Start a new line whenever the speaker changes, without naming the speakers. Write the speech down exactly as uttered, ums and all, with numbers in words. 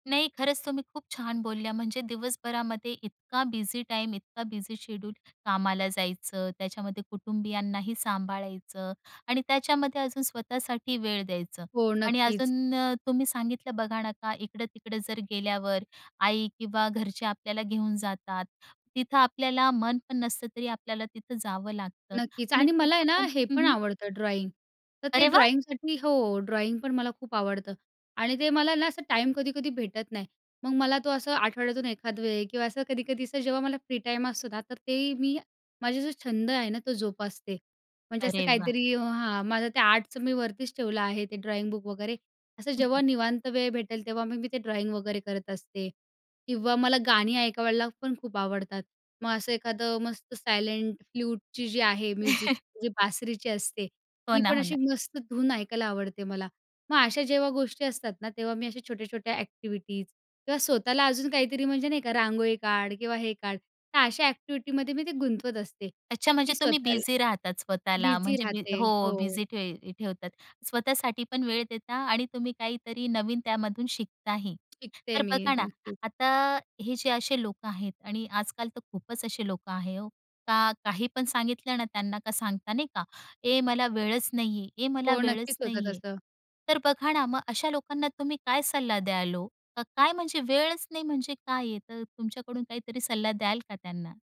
नाही, खरंच तुम्ही खूप छान बोलल्या. म्हणजे दिवसभरामध्ये इतका बिझी टाईम, इतका बिझी शेड्यूल. कामाला जायचं. त्याच्यामध्ये कुटुंबियांनाही सांभाळायचं आणि त्याच्यामध्ये अजून स्वतःसाठी वेळ द्यायचं
हो.
आणि
नक्कीच.
अजून अ, तुम्ही सांगितलं बघा ना, का इकडं-तिकडं जर गेल्यावर आई किंवा घरचे आपल्याला घेऊन जातात. तिथं आपल्याला मन पण नसतं तरी आपल्याला तिथं जावं लागतं
नक्कीच.
आणि
आणि मला आहे
तिथं
ना,
पण
हे
हं,
पण
हं.
आवडतं ड्रॉईंग. तर ते
अरे वाह!
ड्रॉईंगसाठी हो, ड्रॉईंग पण मला खूप आवडतं आणि ते मला ना, असं टाईम कधी-कधी भेटत नाही. मग मला तो असं आठवड्यातून एखाद वेळी किंवा असं कधी-कधी असं जेव्हा मला फ्री टाईम असतो ना, तर ते मी, माझा जो छंद आहे ना, तो जोपासते. म्हणजे असं
अरे वाह!
काहीतरी हां, माझं ते आर्टचं मी वरतीच ठेवलं आहे ते ड्रॉइंग बुक वगैरे असं जेव्हा निवांत वेळ भेटेल तेव्हा मग मी ते ड्रॉईंग वगैरे करत असते. किंवा मला गाणी ऐकवयला पण खूप आवडतात. मग असं एखादं मस्त सायलेंट फ्लूटची जी आहे म्युझिक, जी बासरीची असते,
हो
ती
ना.
पण
हो
अशी
ना.
मस्त धून ऐकायला आवडते मला. मग अशा जेव्हा गोष्टी असतात ना, तेव्हा मी अशा छोट्या-छोट्या ॲक्टिव्हिटीज किंवा स्वतःला अजून काहीतरी म्हणजे नाही का रांगोळी काढ किंवा हे काढ. तर अशा ॲक्टिव्हिटीमध्ये मी ते गुंतवत असते
अच्छा,
की
म्हणजे तुम्ही
स्वतःला
बिझी राहतात स्वतःला.
बिझी
म्हणजे बी
राहते.
हो,
हो.
बिझी ठेव ठेवतात. स्वतःसाठी पण वेळ देता आणि तुम्ही काहीतरी नवीन त्यामधून शिकताही. तर
शिकते मी.
बघा ना,
नक्कीच.
आता हे जे असे लोकं आहेत आणि आजकाल तर खूपच असे लोकं आहे ओ, का काही पण सांगितलं ना त्यांना का सांगता नाही का, "ए मला वेळच नाहीये, ए मला
हो.
वेळच
नक्कीच होतं
नाहीये."
तसं.
तर बघा ना मग अशा लोकांना तुम्ही काय सल्ला द्याल ओ? का काय म्हणजे वेळच नाही म्हणजे काय आहे. तर तुमच्याकडून काहीतरी सल्ला द्याल का त्यांना?